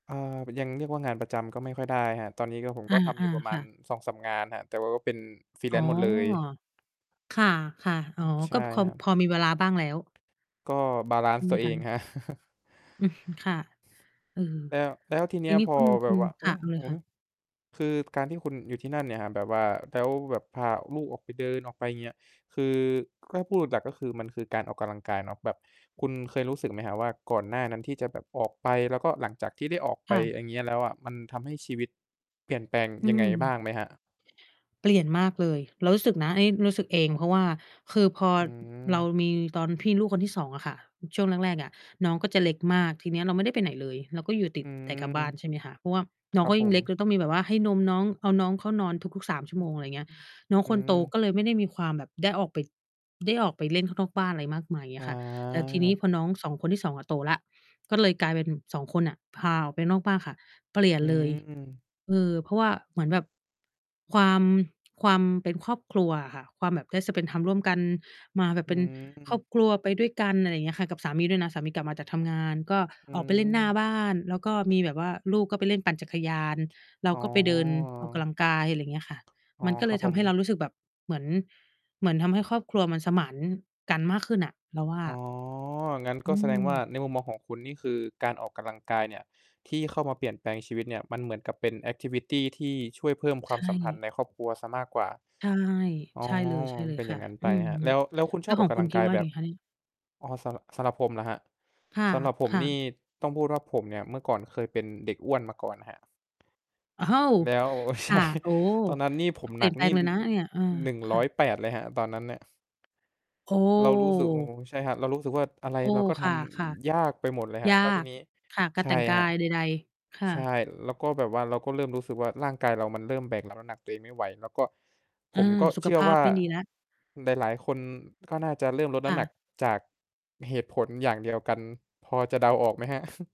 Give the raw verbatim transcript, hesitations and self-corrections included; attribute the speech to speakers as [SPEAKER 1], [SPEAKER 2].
[SPEAKER 1] อา มันยังเรียกว่างานประจำก็ไม่ค่อยได้ครับ ตอนนี้ก็ ผม
[SPEAKER 2] อ
[SPEAKER 1] ก็ทำอย
[SPEAKER 2] า
[SPEAKER 1] ู่ประ
[SPEAKER 2] ๆ
[SPEAKER 1] ม
[SPEAKER 2] ค
[SPEAKER 1] า
[SPEAKER 2] ่
[SPEAKER 1] ณ
[SPEAKER 2] ะ
[SPEAKER 1] สองสาม งานครับ แต่ว่าก็เป็น
[SPEAKER 2] อ๋อ
[SPEAKER 1] freelance หมดเลย
[SPEAKER 2] ค่ะ ๆ
[SPEAKER 1] อ
[SPEAKER 2] อ
[SPEAKER 1] ื
[SPEAKER 2] ๋อ
[SPEAKER 1] ม ใช
[SPEAKER 2] ก็
[SPEAKER 1] ่
[SPEAKER 2] คอ
[SPEAKER 1] ค
[SPEAKER 2] ม
[SPEAKER 1] รับ
[SPEAKER 2] พอมีเวลาบ้างแล้ว
[SPEAKER 1] ก็ บาลั
[SPEAKER 2] ใ
[SPEAKER 1] น
[SPEAKER 2] ช
[SPEAKER 1] ซ
[SPEAKER 2] ่
[SPEAKER 1] ์
[SPEAKER 2] ไห
[SPEAKER 1] ต
[SPEAKER 2] ม
[SPEAKER 1] ัวเอ
[SPEAKER 2] คะ?
[SPEAKER 1] ง ครับ
[SPEAKER 2] อืม ค่ะ เออ
[SPEAKER 1] แล้ว แล้วที
[SPEAKER 2] อ
[SPEAKER 1] เน
[SPEAKER 2] ย
[SPEAKER 1] ี
[SPEAKER 2] ่
[SPEAKER 1] ้
[SPEAKER 2] า
[SPEAKER 1] ย
[SPEAKER 2] งนี้
[SPEAKER 1] พอ
[SPEAKER 2] คุณ
[SPEAKER 1] แบ
[SPEAKER 2] คุ
[SPEAKER 1] บ
[SPEAKER 2] ณ
[SPEAKER 1] ว
[SPEAKER 2] ค
[SPEAKER 1] อุ
[SPEAKER 2] ่
[SPEAKER 1] ๊
[SPEAKER 2] ะ
[SPEAKER 1] ย
[SPEAKER 2] เอาเล
[SPEAKER 1] อื
[SPEAKER 2] ย
[SPEAKER 1] อ
[SPEAKER 2] ค่
[SPEAKER 1] ฮ
[SPEAKER 2] ะ
[SPEAKER 1] ึ คือการที่คุณอยู่ที่นั่นเนี่ยครับ แบบว่า แล้วแบบพาลูกออกไปเดิน ออกไป เงี้ย คือ แกล้ พูดดักก็คือ มันคือการออกกำลังกายเนาะ แบบคุณเคยรู้สึกไหมครับว่า ก่อนหน้านั้นที่จะแบบออกไป แล้วก็หลังจากที่ได้ออกไ
[SPEAKER 2] ค
[SPEAKER 1] ป
[SPEAKER 2] ่ะ
[SPEAKER 1] อังเงี้ยแล้วอะ มันทำให้ชีวิต เปลี่ยนแปลง
[SPEAKER 2] อื
[SPEAKER 1] ยังไงบ้
[SPEAKER 2] ม
[SPEAKER 1] างไหมครับ?
[SPEAKER 2] เปลี่ยนมากเลย เรารู้สึกนะ อันนี้รู้สึกเอง เพราะว่าคือพอ
[SPEAKER 1] อื
[SPEAKER 2] เรา
[SPEAKER 1] ม
[SPEAKER 2] มี ตอนพี่ ลูกคนที่ สอง อะค่ะ ช่วงแรก ๆ อะ น้องก็จะเล็กมาก ทีเนี้ยเราไม่ได้ไปไหนเลย เราก็อยู่ต
[SPEAKER 1] อ
[SPEAKER 2] ิ
[SPEAKER 1] ื
[SPEAKER 2] ดแต่
[SPEAKER 1] ม
[SPEAKER 2] กับบ้าน ใช่ไหมคะ เพราะว่าน
[SPEAKER 1] ค
[SPEAKER 2] ้อ
[SPEAKER 1] ร
[SPEAKER 2] ง
[SPEAKER 1] ั
[SPEAKER 2] เ
[SPEAKER 1] บ
[SPEAKER 2] ขา
[SPEAKER 1] ผ
[SPEAKER 2] ยิ่ง
[SPEAKER 1] ม
[SPEAKER 2] เล็กเลยต้องมีแบบว่าให้นมน้อง เอาน้องเข้านอนทุก ๆ สาม ชั
[SPEAKER 1] อ
[SPEAKER 2] ่ว
[SPEAKER 1] ื
[SPEAKER 2] โม
[SPEAKER 1] ม
[SPEAKER 2] ง อะไรเงี้ย น้อง
[SPEAKER 1] ๆ อื
[SPEAKER 2] คนโต
[SPEAKER 1] อ
[SPEAKER 2] ก็เลยไม่ได้มีความแบบได้ออกไป ได้ออกไปเล่นข้างนอกบ้านไรมากมาย เงี้ยค่ะ แต่ทีนี้
[SPEAKER 1] อา
[SPEAKER 2] พอน้อง สอง คนที่ สอง อะโตแล้ว ก็เลยกลายเป็น สอง คนน่ะ พาออกไปนอกบ้านค่ะ เปลี่ยน
[SPEAKER 1] อื
[SPEAKER 2] เลย
[SPEAKER 1] ม
[SPEAKER 2] เออ เพราะว่าเหมือนแบบ ความ ความเป็นครอบครัวอะค่ะ ความแบบ ได้ spend time ร่วมกัน มาแบ
[SPEAKER 1] อ
[SPEAKER 2] บ
[SPEAKER 1] ื
[SPEAKER 2] เป็นครอ
[SPEAKER 1] ม
[SPEAKER 2] บครัว ไปด้วยกัน อะไรเงี้ยค่ะ กับสามีด้วยนะ สามีกลับมาจากทำงาน ก็
[SPEAKER 1] อื
[SPEAKER 2] ออกไปเล่นหน้า
[SPEAKER 1] ม
[SPEAKER 2] บ้าน แล้วก็มีแบบว่าลูกก็ไปเล่นปั่นจักรยาน เรา
[SPEAKER 1] อ๋อ
[SPEAKER 2] ก็ไปเดินออกกำลังกาย ไรเงี้ยค่ะ
[SPEAKER 1] อ๋อ
[SPEAKER 2] มันก็
[SPEAKER 1] ค
[SPEAKER 2] เล
[SPEAKER 1] รั
[SPEAKER 2] ย
[SPEAKER 1] บ
[SPEAKER 2] ท
[SPEAKER 1] ผ
[SPEAKER 2] ำให้เร
[SPEAKER 1] ม
[SPEAKER 2] ารู้สึกแบบเหมือน เหมือนทำให้ครอบครัวมันสมานกันมากขึ้นน่ะ เราว่า
[SPEAKER 1] อ๋อ งั้น
[SPEAKER 2] อ
[SPEAKER 1] ก็
[SPEAKER 2] ื
[SPEAKER 1] แสดงว่า
[SPEAKER 2] ม
[SPEAKER 1] ในมุมมองของคุณนี่คือ การออกกำลังกายเนี่ย ที่เข้ามาเปลี่ยนแปลงชีวิตเนี่ย มันเหมือนกับเป็น แอกทิวิตี ที่ช่วยเพิ่มค
[SPEAKER 2] ใ
[SPEAKER 1] ว
[SPEAKER 2] ช
[SPEAKER 1] ามสัมพันธ์
[SPEAKER 2] ่
[SPEAKER 1] ในครอบครัวเสียมากกว่า
[SPEAKER 2] ใช่
[SPEAKER 1] อ๋อ
[SPEAKER 2] ใช่เลย ใช่เลย
[SPEAKER 1] เป็น
[SPEAKER 2] ค
[SPEAKER 1] อย่
[SPEAKER 2] ่ะ
[SPEAKER 1] างงั้นไ
[SPEAKER 2] อื
[SPEAKER 1] ป
[SPEAKER 2] ม
[SPEAKER 1] ครับ
[SPEAKER 2] ล
[SPEAKER 1] แล้ว แล้วคุณ
[SPEAKER 2] แล
[SPEAKER 1] ช
[SPEAKER 2] ้
[SPEAKER 1] อ
[SPEAKER 2] ว
[SPEAKER 1] บ
[SPEAKER 2] ข
[SPEAKER 1] ออ
[SPEAKER 2] อ
[SPEAKER 1] ก
[SPEAKER 2] ง
[SPEAKER 1] ก
[SPEAKER 2] ค
[SPEAKER 1] ำ
[SPEAKER 2] ุ
[SPEAKER 1] ลั
[SPEAKER 2] ณ
[SPEAKER 1] ง
[SPEAKER 2] คิ
[SPEAKER 1] ก
[SPEAKER 2] ด
[SPEAKER 1] าย
[SPEAKER 2] ว่าย
[SPEAKER 1] แบ
[SPEAKER 2] ังไ
[SPEAKER 1] บ
[SPEAKER 2] งคะนี่?
[SPEAKER 1] อ๋อ สระ สำหรับผมเหรอครับ
[SPEAKER 2] ค่ะ
[SPEAKER 1] สำหรับผม
[SPEAKER 2] ค่
[SPEAKER 1] น
[SPEAKER 2] ะ
[SPEAKER 1] ี่ ต้องพูดว่าผมเนี่ย เมื่อก่อนเคยเป็นเด็กอ้วนมาก่อนครับ
[SPEAKER 2] อ้าว!
[SPEAKER 1] แล้ว โอ้
[SPEAKER 2] ค
[SPEAKER 1] ใช
[SPEAKER 2] ่ะ
[SPEAKER 1] ่
[SPEAKER 2] โอ้โฮ!
[SPEAKER 1] ตอนนั้นนี่ ผ
[SPEAKER 2] ก็
[SPEAKER 1] ม
[SPEAKER 2] เป
[SPEAKER 1] ห
[SPEAKER 2] ล
[SPEAKER 1] น
[SPEAKER 2] ี
[SPEAKER 1] ั
[SPEAKER 2] ่ย
[SPEAKER 1] ก
[SPEAKER 2] นแป
[SPEAKER 1] น
[SPEAKER 2] ล
[SPEAKER 1] ี่
[SPEAKER 2] งเล
[SPEAKER 1] อื
[SPEAKER 2] ย
[SPEAKER 1] อ
[SPEAKER 2] นะเนี่ย เออ
[SPEAKER 1] อือ หนึ่ง
[SPEAKER 2] ค
[SPEAKER 1] ร้
[SPEAKER 2] ่
[SPEAKER 1] อ
[SPEAKER 2] ะ
[SPEAKER 1] ยแปด เลยครับ ตอนนั้นน่ะ
[SPEAKER 2] โอ้!
[SPEAKER 1] เรารู้สึก โอ้โฮ ใช่ครับ เรารู้สึกว่า อะไร
[SPEAKER 2] โอ้!
[SPEAKER 1] เราก็ท
[SPEAKER 2] ค่ะ
[SPEAKER 1] ำ ยากไปหมดเลยค
[SPEAKER 2] ๆ
[SPEAKER 1] ร
[SPEAKER 2] ย
[SPEAKER 1] ับ
[SPEAKER 2] า
[SPEAKER 1] แล้วที
[SPEAKER 2] ก
[SPEAKER 1] นี้
[SPEAKER 2] ค่ะ กา
[SPEAKER 1] ใ
[SPEAKER 2] ร
[SPEAKER 1] ช
[SPEAKER 2] แต่
[SPEAKER 1] ่
[SPEAKER 2] งกา
[SPEAKER 1] ครับ
[SPEAKER 2] ยใด ๆ ค่
[SPEAKER 1] ใช่
[SPEAKER 2] ะ
[SPEAKER 1] แล้วก็แบบว่า เราก็เริ่มรู้สึกว่า ร่างกายเรามันเริ่มแบกรับน้ำหนักตัวเองไม่ไหว แล้วก็
[SPEAKER 2] อ
[SPEAKER 1] ผ
[SPEAKER 2] า
[SPEAKER 1] มก็
[SPEAKER 2] สุ
[SPEAKER 1] เช
[SPEAKER 2] ข
[SPEAKER 1] ื่อ
[SPEAKER 2] ภา
[SPEAKER 1] ว
[SPEAKER 2] พ
[SPEAKER 1] ่า
[SPEAKER 2] ไม่ดีแล้ว
[SPEAKER 1] หลาย ๆ คนก็น่าจะเริ่มลดน
[SPEAKER 2] ค
[SPEAKER 1] ้
[SPEAKER 2] ่
[SPEAKER 1] ำห
[SPEAKER 2] ะ
[SPEAKER 1] นักจากเหตุผลอย่างเดียวกัน พอจะเดาออกไหมครับ?